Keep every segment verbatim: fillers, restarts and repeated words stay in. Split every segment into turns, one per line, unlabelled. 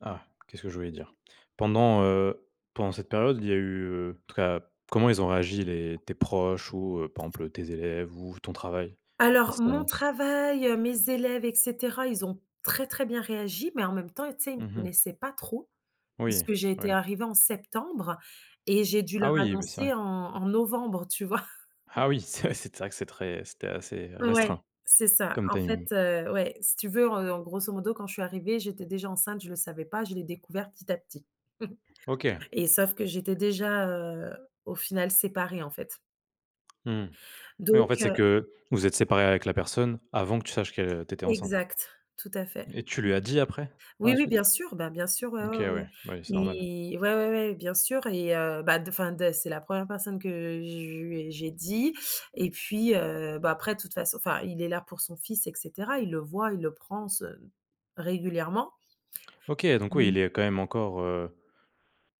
Ah. Qu'est-ce que je voulais dire? Pendant, heu, pendant cette période, il y a eu, heu, en tout cas comment ils ont réagi les tes proches ou, heu, par emple tes élèves ou ton travail, à
Alors,
cette
mon
annonce?
travail, heu, mes élèves et cetera, ils ont très, très bien réagi, mais en même temps, tu sais, ils me
Mmh mh.
connaissaient pas trop,
Oui,
puisque j'ai été
oui.
arrivée en septembre et j'ai dû
Ah
leur
oui, bah c'est
annoncer
vrai.
en en novembre, tu vois?
Ah oui, c'est ouais, c'est vrai, c'est très c'était assez
Ouais,
restreint,
c'est ça.
comme
En fait,
timing.
heu, ouais, si tu veux, heu, en grosso modo, quand je suis arrivée, j'étais déjà enceinte, je le savais pas, je l'ai découvert petit à petit
OK.
et sauf que j'étais déjà, heu, au final séparée, en fait
Mmh. Oui en
donc
fait, c'est
heu
que vous vous êtes séparés avec la personne, avant que tu saches que tu étais enceinte?
Exact, tout à fait.
Et tu lui as dit après, par
Oui,
la
oui, bien
suite?
sûr, bah, bien sûr ouais,
OK
ouais, ouais, ouais.
ouais, oui, c'est normal.
Mais, ouais, ouais, ouais, bien sûr et heu, bah de enfin de c'est la première personne que je lui j'ai dit et puis, heu, bah après de toute façon, enfin, il est là pour son fils et cetera, il le voit, il le prend se régulièrement.
OK, donc oui,
Mmh.
il est quand même encore, heu,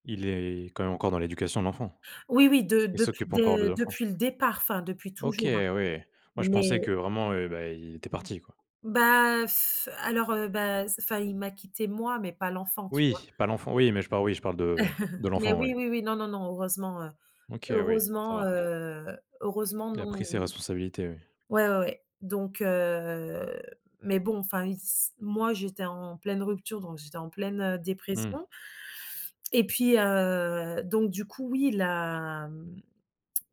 il est quand même encore dans l'éducation de l'enfant.
Oui, oui, de
Il
dep
s'occupe encore de
des depuis
l'enfant.
depuis le départ, enfin depuis
OK
toujours, hein.
oui, moi je
Mais
pensais que vraiment, heu, bah, il était parti, quoi.
Bah, alors, heu, bah, s enfin il m'a quitté moi, mais pas l'enfant, tu vois?
Oui, pas l'enfant oui, mais je parle oui je parle de de
Mais
l'enfant, oui.
oui, oui, oui, non, non, non heureusement, heu,
OK, oui, ça
heureusement,
va.
heu, heureusement
Il a
non
pris ses
i
responsabilités, oui.
ouais, ouais, ouais. Donc heu, mais bon enfin, il s moi j'étais en pleine rupture, donc j'étais en pleine, heu,
Mmh.
dépression et puis, heu, donc du coup oui il l'a hem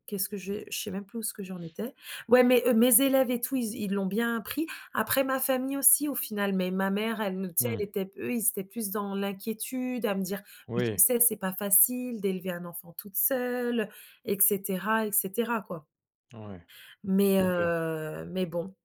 qu'est-ce que je je sais même plus où ce que j'en étais. Ouais, mes mes élèves et tout, ils z l'ont bien pris. Après ma famille aussi au final, mais ma mère, elle nous tu sais,
Mmh.
elle était p eux, ils étaient plus dans l'inquiétude à me dire: «Mais tu
Oui.
sais, c'est pas facile d'élever un enfant toute seule» et cetera et cetera, quoi.
Ouais,
Mais
OK.
heu, mais bon.